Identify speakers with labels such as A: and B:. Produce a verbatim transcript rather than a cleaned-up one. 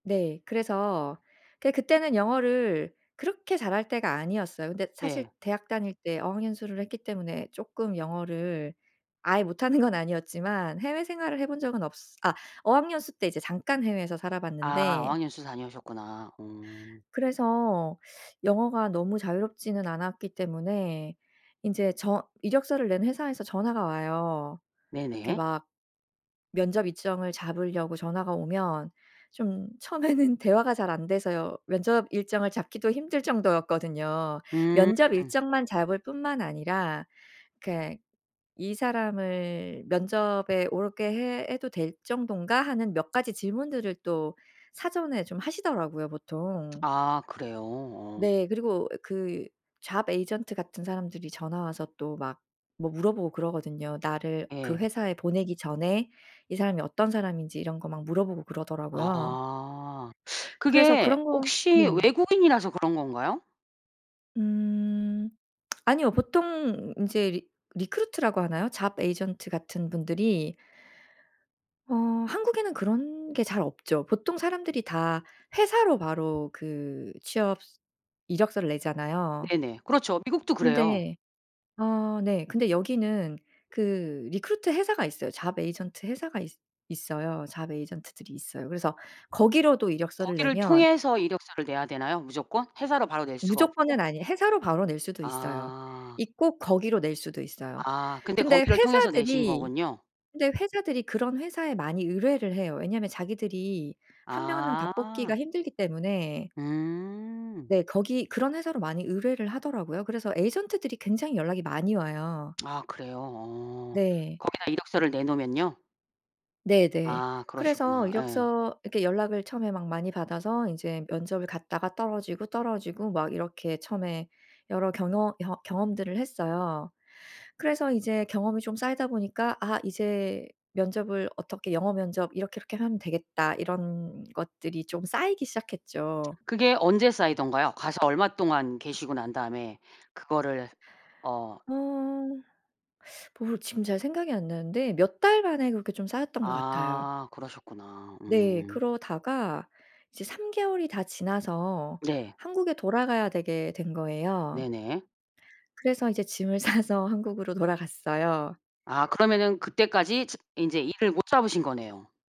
A: 네. 그래서 그게 그때는 영어를 그렇게 잘할 때가 아니었어요. 근데 사실
B: 예.
A: 대학 다닐 때 어학연수를 했기 때문에 쪼끔 영어를 아예 못하는 건 아니었지만 해외 생활을 해 본 적은 없으 아 어학연수 때 이제 잠깐 해외에서 살아
B: 아
A: 봤는데
B: 어학연수 다녀오셨구나. 오.
A: 그래서 영어가 너무 자유롭지는 않았기 때문에 인제 저 이력서를 낸 회사에서 전화가 와요. 이렇게
B: 네네.
A: 막 면접 일정을 잡으려고 전화가 오면 좀 처음에는 대화가 잘 안돼서요. 면접 일정을 잡기도 힘들 정도였거든요.
B: 음.
A: 면접 일정만 잡을 뿐만 아니라 그러니까 "이 사람을 면접에 올게 해 해도 될 정도인가?"하는 몇 가지 질문들을 또 사전에 좀 하시더라고요 보통.
B: 아. 그래요? 어.
A: 네. 그리고 어 그 잡 에이전트 같은 사람들이 전화 와서 또 막 뭐 물어보고 그러거든요. 나를 그
B: 예.
A: 회사에 보내기 전에 이 사람이 어떤 사람인지 이런 거 막 물어보고 그러더라고요.
B: 아.
A: 그래서
B: 그게
A: 그런 건
B: 혹시
A: 네.
B: 외국인이라서 그런 건가요?
A: 음. 아니요. 보통 인제 리 리크루트라고 하나요? 잡 에이전트 같은 분들이 어 한국에는 그런 게 잘 없죠. 보통 사람들이 다 회사로 바로 그 취업 스 이력서를 내잖아요.
B: 네네. 그렇죠. 미국도 그래요.
A: 근데 어 네 근데 여기는 그 리크루트 회사가 있어요. 잡 에이전트 회사가 있 있어요. 잡 에이전트들이 있어요. 그래서 거기로도 이력서를
B: 거기를
A: 내면
B: 통해서 이력서를 내야 되나요 무조건? 회사로 바로 낼 수가
A: 무조건은
B: 없고?
A: 아니에 회사로 바로 낼 수도 있어요.
B: 아.
A: 있고 거기로 낼 수도 있어요.
B: 아. 근데
A: 근데
B: 거기를 통해서 내신
A: 회사들이
B: 거군요.
A: 근데 회사들이 그런 회사에 많이 의뢰를 해요. 왜냐하면 자기들이 한 명 한 명 다 뽑기가
B: 아.
A: 힘들기 때문에
B: 음.
A: 네 거기 그런 회사로 많이 의뢰를 하더라고요. 그래서 에이전트들이 굉장히 연락이 많이 와요.
B: 아. 그래요? 어.
A: 네.
B: 거기다 이력서를 내놓으면요?
A: 네네.
B: 아
A: 그래서
B: 그러시구나. 예.
A: 이력서 이렇게 연락을 처음에 막 많이 받아서 인제 면접을 갔다가 떨어지고 떨어지고 막 이렇게 처음에 여러 경허 경 경험들을 했어요. 그래서 이제 경험이 좀 쌓이다 보니까 '아. 이제 면접을 어떻게 영어 면접 이렇게 이렇게 하면 되겠다.' 이런 것들이 좀 쌓이기 시작했죠.
B: 그게 언제 쌓이던가요? 가서 얼마 동안 계시고 난 다음에 그거를 어
A: 어. 모르 지금 잘 생각이 안 나는데 몇 달 만에 그렇게 좀 쌓였던 것 같아요.
B: 아 그러셨구나.
A: 네.
B: 음.
A: 그러다가 이제 삼 개월이 다 지나서
B: 네.
A: 한국에 돌아가야 되게 된 거예요.
B: 네네.
A: 그래서 이제 짐을 싸서 한국으로 돌아갔어요.
B: 아 그러면은 그때까지 측 인제 일을 못 잡으신 거네요.